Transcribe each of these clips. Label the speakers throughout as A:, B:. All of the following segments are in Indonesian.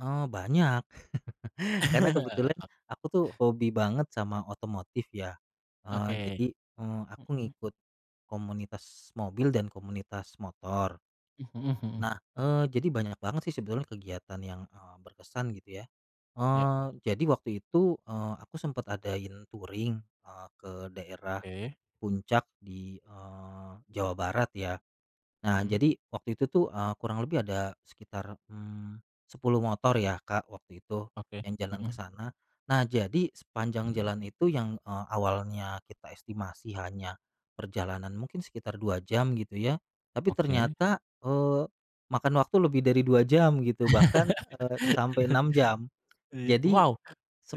A: Oh banyak karena kebetulan
B: O
A: aku tuh hobi banget sama otomotif ya, eee,
B: Oke,
A: jadi, eee, aku
B: mhm.
A: ngikut, komunitas mobil dan komunitas motor.
B: Mhm, hmm.
A: Nah, eee, jadi banyak banget sih sebetulnya kegiatan yang, eee, berkesan gitu ya,
B: Ya.
A: eee, jadi waktu itu, eee, aku sempet adain touring, eee, ke daerah,
B: Oke.
A: Puncak di, eee, Jawa Barat, ya. Nah
B: Mhm.
A: jadi waktu itu tuh, eee, kurang lebih ada sekitar, mmm, 10 motor ya Kak, waktu itu,
B: Oke,
A: yang jalan ke
B: mhm.
A: sana. Nah jadi sepanjang jalan itu yang, eee, awalnya kita estimasi hanya, perjalanan mungkin sekitar 2 jam gitu ya, tapi
B: Oke.
A: ternyata, eee, makan waktu lebih dari 2 jam gitu bahkan, eee, sampai 6 jam,
B: Iya
A: jadi,
B: wow,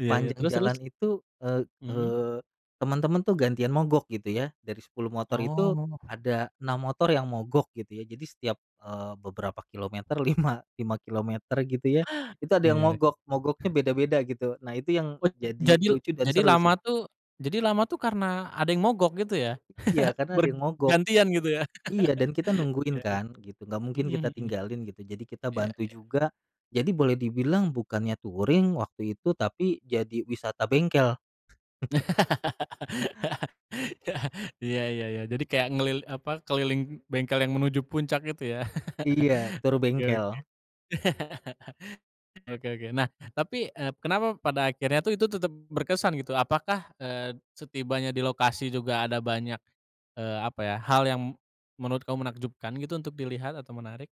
B: iya iya terus terus?
A: jalan itu, e
B: Mhm.
A: eee, temen-temen tuh gantian mogok gitu ya dari 10 motor itu
B: Oh.
A: ada 6 motor yang mogok gitu ya jadi setiap, eee, beberapa kilometer, 5, 5 kilometer gitu ya itu ada yang
B: Iya, ya.
A: mogok mogoknya beda-beda gitu nah itu yang
B: Put
A: jadi
B: jadil
A: lucu dan
B: jadi
A: seru
B: lama
A: sih.
B: tuh jadi lama tuh karena ada yang mogok gitu ya?
A: Iya karena ada
B: Ber
A: yang mogok,
B: gantian gitu ya?
A: iya dan kita nungguin
B: Iya iya,
A: kan gitu nggak mungkin
B: mhm
A: kita
B: mhm.
A: tinggalin gitu jadi kita
B: Iya
A: bantu
B: iya.
A: juga, jadi boleh dibilang bukannya touring waktu itu tapi jadi wisata bengkel.
B: Iya iya, ya ya jadi kayak ngelil apa keliling bengkel yang menuju Puncak itu ya?
A: Iya, tour
B: Oke oke,
A: bengkel.
B: oke oke nah tapi, eee, kenapa pada akhirnya tuh itu tetep berkesan gitu? Apakah, eee, setibanya di lokasi juga ada banyak, eee, apa ya hal yang, menurut kamu menakjubkan gitu untuk dilihat atau menarik?